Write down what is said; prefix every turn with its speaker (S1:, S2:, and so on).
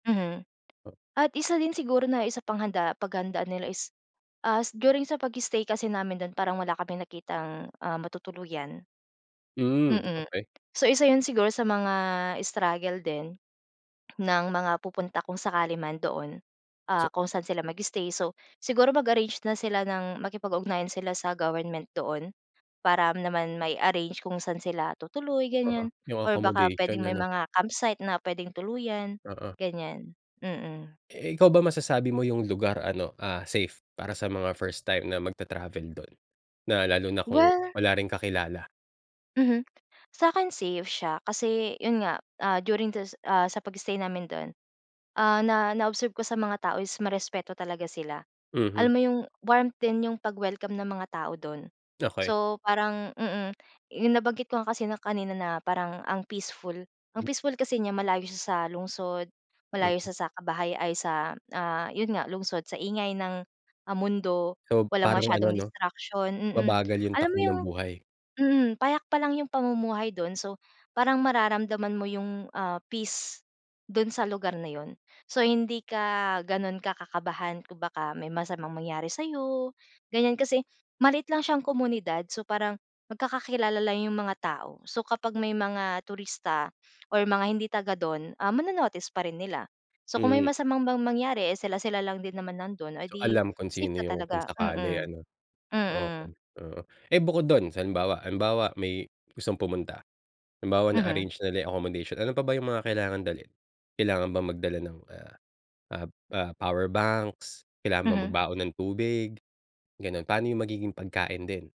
S1: Mhm.
S2: O
S1: At isa din siguro na, isa pang handa paghandaan nila is, as during sa pag-stay kasi namin do'n, parang wala kaming nakitang, ah, matutuluyan.
S2: Hmm,
S1: Mm.
S2: okey.
S1: So, isa 'yon siguro sa mga, struggle din, ng mga pupunta kung sakali man, doon, ah,
S2: So
S1: kung saan sila mag-stay. So, siguro mag-arrange na sila ng makipag-ugnayan sila sa government doon, para naman mai-arrange kung saan sila tutuloy,
S2: Oo,
S1: ganiyan,
S2: yung
S1: or baka
S2: accommodation
S1: puwedeng may
S2: ano.
S1: mga campsite, na puwedeng tuluyan,
S2: Oo.
S1: ganiyan. Mm.
S2: Eh, ikaw ba, masasabi mo yung lugar ano, ah, safe, para sa mga first time na magta-travel do'n na lalo na kung,
S1: Well
S2: wala ring kakilala?
S1: Mhm. Sa'kin safe siya, kasi, 'yon nga, ah, during du ah, sa pag-stay namin do'n, ah, na na-observe ko sa mga tao is, marespeto talaga sila. Alam
S2: Mhm.
S1: mo yung, warmth din, yung pag-welcome ng mga tao do'n.
S2: Okey.
S1: So, parang mm, yung nabanggit ko nga kasi na kanina na, parang ang peaceful, ang
S2: M
S1: peaceful kasi niya malayo siya sa lungsod, malayo
S2: Mm.
S1: siya sa kabahay ay, sa, ah, 'yon nga, lungsod, sa ingay ng, ah, mundo,
S2: So,
S1: walang
S2: parang ano
S1: masyadong
S2: 'no,
S1: distraction, mm,
S2: mabagal yung
S1: alam mo
S2: takbo ng
S1: yung
S2: buhay.
S1: mm, payak pa lang yung pamumuhay do'n, so, parang mararamdaman mo yung, ah, peace do'n sa lugar na 'yon. So, hindi ka gano'n ka kakabahan, kung baka may masamang mangyari sa'yo, ganiyan, kasi maliit lang siyang komunidad, so, parang magkakakilala lang yung mga tao. So, kapag may mga turista, or mga hindi taga-do'n, ah, mano-notice pa rin nila. So, kung may
S2: Hmm.
S1: masamang mang mangyari, eh, sila-sila lang din naman nando'n, o
S2: So,
S1: di,
S2: alam kung
S1: safe
S2: sino
S1: ka
S2: yung kung
S1: talaga,
S2: sakali
S1: mm.
S2: ano.
S1: Mm.
S2: Okay, oo. Eh, bukod do'n, halimbawa halimbawa may, gustong pumunta, halimbawa
S1: Mhm.
S2: na-arrange na nila yung accommodation, ano pa ba yung mga kailangang dalhin? Kailangan bang magdala ng ah, ah, ah, powerbanks, kailangan bang
S1: Mhm.
S2: magbaon ng tubig, gano'n. Pa'no yung magiging pagkain din?